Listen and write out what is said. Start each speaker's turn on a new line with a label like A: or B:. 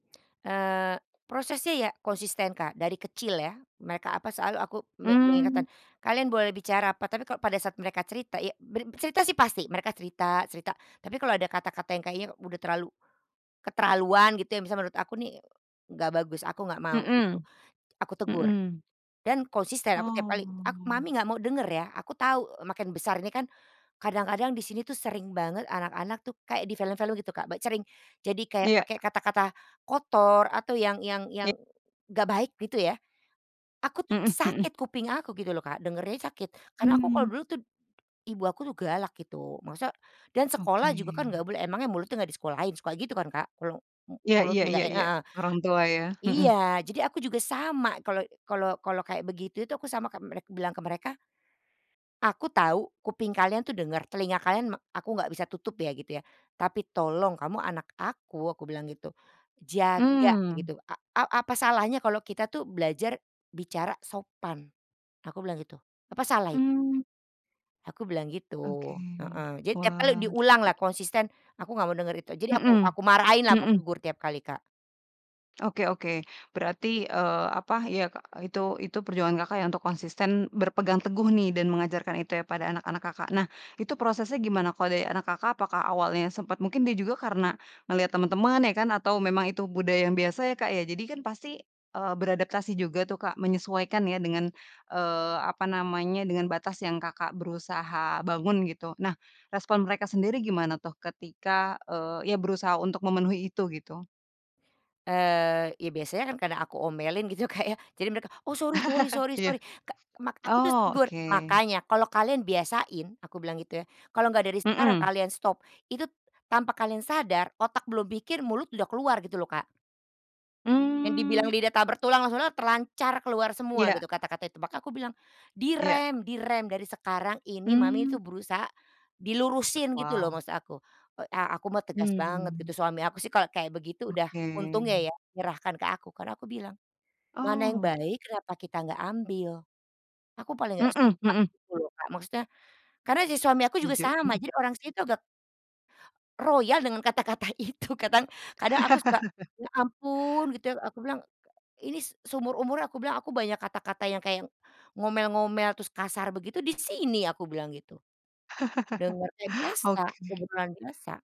A: Eee, prosesnya ya konsisten, Kak. Dari kecil ya, mereka apa selalu, aku me me
B: Mmm.
A: mengingatkan, kalian boleh bicara apa, tapi kalau pada saat mereka cerita ya ber cerita sih pasti, mereka cerita cerita. Tapi kalau ada kata-kata yang kayaknya udah terlalu keterlaluan gitu, yang misalnya menurut aku nih nggak bagus, aku nggak mau, gitu.
B: Mhm
A: Aku tegur,
B: mhm.
A: dan konsisten aku tiap
B: Oh.
A: kali, ak "Mami nggak mau denger ya". Aku tahu makin besar ini kan, kadang-kadang di sini tuh sering banget anak-anak tuh kayak di film-film gitu Kak, bac sering jadi kayak
B: Iya.
A: pake kata-kata kotor, atau yang yang
B: I
A: yang nggak baik gitu ya. Aku tuh
B: Mhm mhm.
A: sakit kuping aku gitu loh Kak, dengernya sakit. Karena aku kalau
B: Mmm.
A: dulu tuh, ibu aku tuh galak gitu. Masa dan
B: Oke.
A: sekolah juga kan nggak boleh, emang ya mulutnya nggak di sekolahin suka gitu kan Kak, kalo, mu
B: Iya iya
A: mulutnya
B: iya
A: nggak
B: iya.
A: heeh.
B: Orang tua ya, mhm.
A: Iya, jadi aku juga sama. kalo kalo kalo kayak begitu itu aku sama kayak merek bilang ke mereka, "Aku tahu, kuping kalian tuh denger, telinga kalian me aku nggak bisa tutup ya" gitu ya. "Tapi tolong, kamu anak aku" aku bilang gitu. Jaga
B: Mmm.
A: gitu. "A a apa salahnya kalau kita tuh belajar bicara sopan?" Aku bilang gitu. "Apa salah itu?"
B: Mmm.
A: Aku bilang gitu.
B: Oke.
A: Heeh. Jadi tiap kali
B: Wah.
A: diulang lah konsisten, aku nggak mau denger itu. Jadi aku
B: Mhm
A: aku marahin lah, aku
B: mhm.
A: tegur tiap kali, Kak.
B: Oke oke. Berarti, eee, apa ya, e itu itu perjuangan Kakak ya untuk konsisten, berpegang teguh nih dan mengajarkan itu ya pada anak-anak Kakak. Nah, itu prosesnya gimana kalau dari anak Kakak, apakah awalnya sempat mungkin dia juga karena melihat teman-teman ya kan, atau memang itu budaya yang biasa ya Kak ya. Jadi kan pasti, eee, beradaptasi juga tuh Kak, menyesuaikan ya dengan, eee, apa namanya, dengan batas yang Kakak berusaha bangun gitu. Nah, respon mereka sendiri gimana tuh ketika, eee, ya berusaha untuk memenuhi itu gitu?
A: Eee, ya biasanya kan karena aku omelin gitu Kak ya, jadi mereka "oh sorry sorry sorry
B: Iya.
A: sorry" ka mak aku tuh
B: Oh,
A: tegur.
B: oke.
A: "Makanya kalau kalian biasain" aku bilang gitu ya, "kalau nggak dari sekarang
B: Mhm.
A: kalian stop, itu tanpa kalian sadar otak belum mikir mulut udah keluar" gitu loh, Kak. Yang dibilang
B: Mmm.
A: lidah tak bertulang, maksudnya terlancar keluar semua
B: Iya.
A: gitu kata-katanya. Tepak makanya aku bilang, "di
B: Iya.
A: rem, di rem dari sekarang ini, Mami
B: Mmm.
A: tuh berusaha dilurusin" gitu loh
B: Wow!
A: maksud aku. Oh, a aku mah tegas banget
B: Hmm.
A: gitu, suami aku sih kalau kayak begitu udah
B: Oke.
A: untungnya ya, menyerahkan ke aku. Karena aku bilang "mana yang
B: Oh.
A: baik, kenapa kita nggak ambil?" Aku paling gak
B: Mhm
A: suka
B: mhm.
A: gitu loh Kak, maksudnya karena si suami aku juga
B: Setuju,
A: sama,
B: mhm.
A: jadi orang situ agak royal dengan kata-kata itu. Kadang kadang aku suka "ya ampun" gitu ya. Aku bilang, k ini seumur-umur aku bilang, aku banyak kata-kata yang kayak ngomel-ngomel, terus kasar begitu, di sini aku bilang gitu. Dengernya biasa,
B: Oke.
A: kebetulan biasa.